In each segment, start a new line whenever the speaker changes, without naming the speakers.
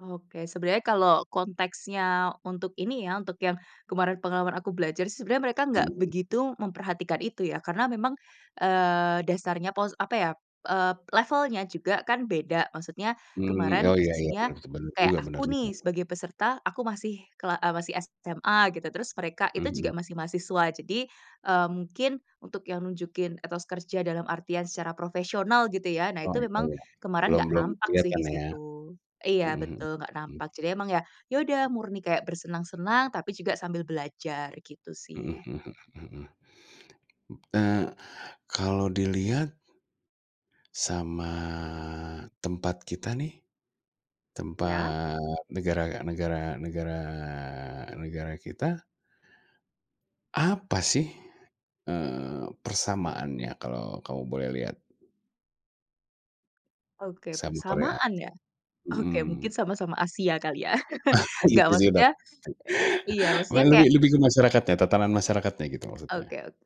Oke, sebenarnya kalau konteksnya untuk ini ya, untuk yang kemarin pengalaman aku belajar sih, sebenarnya mereka
Mhm
nggak
mhm.
begitu memperhatikan itu ya. Karena memang, eee, dasarnya, pos apa ya, eee, levelnya juga kan beda. Maksudnya
Mmm,
kemarin
oh iya iya,
posisinya
benar tuh, bener
kayak
juga benar
aku
juga.
nih, sebagai peserta, aku masih kela eee, masih SMA gitu. Terus mereka
Mhm
itu juga
mhm.
masih mahasiswa. Jadi, eee, mungkin untuk yang nunjukin etos kerja dalam artian secara profesional, gitu ya. Nah,
Oh,
itu
iya
memang
ya.
kemarin
Belum
nggak
belum
nampak sih
kelihatan
di
ya.
situ.
Mhm
Iya,
mhm,
betul nggak
mhm.
nampak. Jadi emang ya ya udah murni kayak bersenang-senang, tapi juga sambil belajar, gitu
Mhm
sih.
mhm mhm mhm mhm. M eee, kalau dilihat sama tempat kita nih,
Iya.
tempat negara negara negara negara kita. Apa sih, eee, persamaannya kalau kamu boleh lihat?
Oke,
Sama Korea.
bersamaan ya? Oke
Mhm.
mungkin sama-sama Asia kali ya? Nggak
Itu sih yang
maksudnya
dapet,
eee, iya, maksudnya
malah lebih
kayak
lebih ke masyarakatnya, tatanan masyarakatnya gitu, maksudnya.
Oke oke.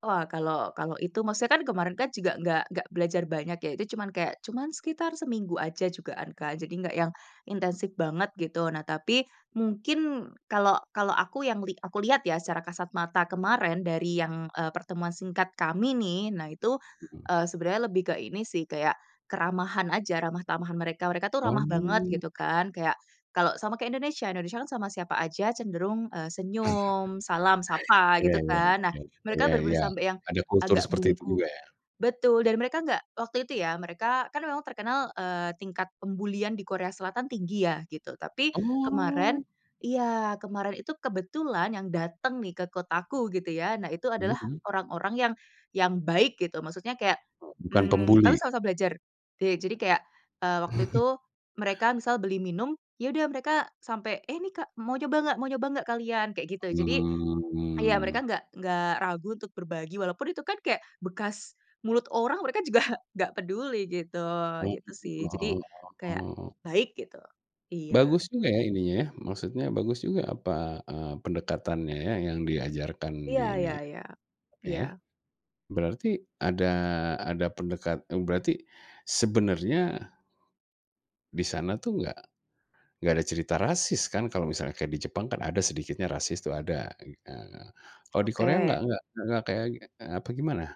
Wah kalau kalau itu, maksudnya kan kemarin kan juga enggak enggak belajar banyak ya. Itu cuman kayak, cuman sekitar seminggu aja jugaan, Kak. Jadi nggak yang intensif banget gitu. Nah tapi, mungkin kalau kalau aku yang li aku lihat ya, secara kasat mata kemarin, dari yang, eee, pertemuan singkat kami nih. Nah itu,
Mhm.
eee, sebenarnya lebih ke ini sih, kayak keramahan aja, ramah tamahan mereka, mereka tuh ramah banget
Oh.
gitu kan, kayak kalau sama kek Indonesia, Indonesia kan sama siapa aja cenderung, eee, senyum, salam, sapa
Iya
gitu
iya
kan. Nah,
iya
mereka
iya
bener-bener
iya.
sampai yang
Ada kultur
agak
seperti itu
bungkuk
juga ya?
betul, dan mereka nggak waktu itu ya, mereka kan memang terkenal, eee, tingkat pembulian di Korea Selatan tinggi ya, gitu. Tapi kemarin
Oh.
iya, kemarin itu kebetulan yang datang nih, ke kotaku gitu ya, nah itu adalah
Mhm mhm.
orang-orang yang yang baik gitu, maksudnya kayak,
Oh, bukan
mmm, kami
pembuli?
sama-sama belajar, de jadi kayak, eee, waktu itu, mereka misal beli minum, ya udah mereka sampai, "Eh ini, Kak, mau coba nggak Mau coba nggak kalian?" Kayak gitu. Jadi, ya mereka
Mhm.
nggak nggak ragu untuk berbagi, walaupun itu kan kayak bekas mulut orang, mereka juga nggak peduli gitu,
Oh
gitu
gitu,
sih.
heeh
Jadi,
heeh
kayak
heeh heeh.
baik gitu. Iya.
Bagus juga ya, ininya, maksudnya bagus juga apa, eee, pendekatannya ya, yang diajarkan
Iya
di ini
iya iya,
oke ya,
iya.
berarti ada ada pendekat eee, berarti sebenarnya di sana tuh enggak enggak ada cerita rasis, kan? Kalau misalnya kayak di Jepang kan ada sedikitnya rasis, itu ada, gitu. Ah nah, kalau di Korea enggak
Oke.
enggak enggak kayak e e apa gimana?